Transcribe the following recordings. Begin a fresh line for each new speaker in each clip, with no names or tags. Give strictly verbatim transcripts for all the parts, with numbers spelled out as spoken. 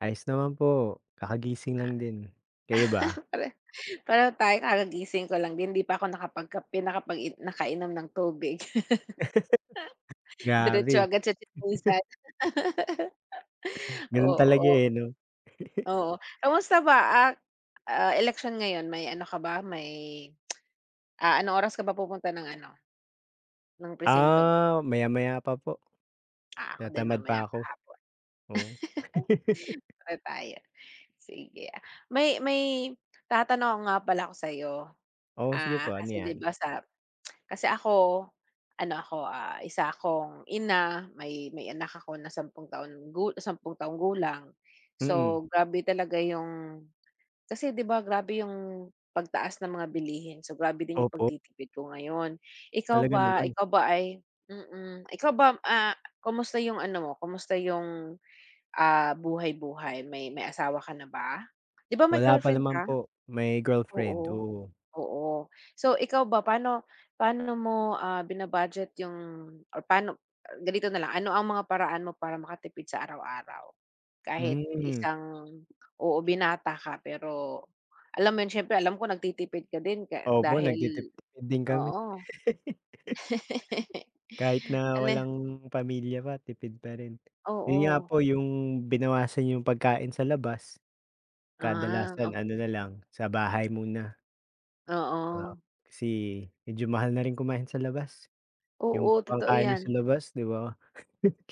Ayos naman po, kakagising lang din. Kayo ba?
Pare pareho tayo kagagising ko lang din, 'di pa ako nakapagkape, nakapagi nakainom ng tubig. Diretso
Grabe.
agad sa tsismisan.
Ganun talaga,
Oo.
eh, 'no.
Oo. Kamusta ba, ah, ah, eleksyon ngayon. May ano ka ba, may, ah, anong oras ka ba pupunta ng ano, ng presinto?
Ah, maya-maya pa po.
Ah, ako din
Tinatamad
mamaya
pa
pa
ako. Oo.
hapon. Pareho tayo. Sige. May may tatanong nga pala ako sa'yo,
Oo, sige
ah,
po, ano
kasi di
'yan?
ba sa kasi ako ano ako, ah, isa akong ina, may may anak ako na sampung taon gu sampung taong gulang.
Mm.
So, grabe talaga yung kasi di ba grabe yung pagtaas ng mga bilihin. So, grabe din yung
Opo.
pagtitipid ko ngayon. Ikaw
Talaga
ba
naman.
ikaw ba ay mm. Ikaw ba, ah, kamusta yung ano, mo kamusta yung, ah, buhay-buhay? May may asawa ka na ba? Di ba may
Wala pa
girlfriend
naman
ka?
po, may girlfriend,
Oo.
oo.
Oo. So, ikaw ba, pa'no pa'no mo, ah, bina-budget yung or pa'no ganito na lang. Ano ang mga paraan mo para makatipid sa araw-araw kahit
Hmm.
isang oo, binata ka? Pero alam mo yun, siyempre alam ko nagtitipid ka din ka
Opo,
dahil
nagtitiptipid din kami.
oo.
Kahit na
Ano
walang pamilya pa tipid pa rin. Yun nga
Oo.
po yung binawasan yung pagkain sa labas,
Ah,
kadalasan ano
okey.
na lang, sa bahay muna. Di ba,
Oo.
kasi medyo mahal na rin kumain sa labas. Yung pa
Oo, totoo
pangkain mo sa
'yan.
labas di ba,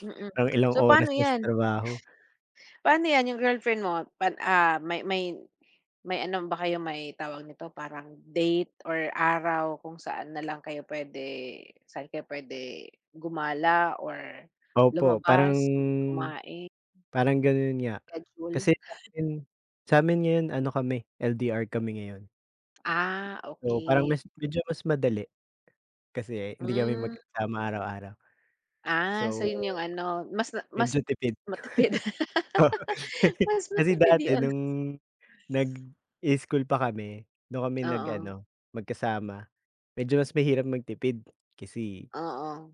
Mm.
pang ilang
So,
oras
pa'no
na sa
'yan?
trabaho.
Pa'no 'yan yung girlfriend mo pan ah, may may may ano ba kayo, may tawag nito, parang date or araw kung saan na lang kayo puwede saan kayo pwede gumala or
Opo. Parang
lumabas, yung kumain?
parang ganun nga.
Schedule.
Kasi sa'min sa'min ngayon ano, kami L-D-R kami ngayon.
Ah,
Oo. Parang
okey.
mas medyo mas madali kasi hindi kami
Mm.
magkasama araw-araw.
Ah. So,
So,
yun yung ano, mas mas
medyo tipid.
matipid.
Oh.
Mas
Kasi
matipid
dati
'yon.
nung nag-i-school pa kami, dun kami
Oo.
nag-ano, magkasama. Medyo mas mahirap magtipid kasi
Oo.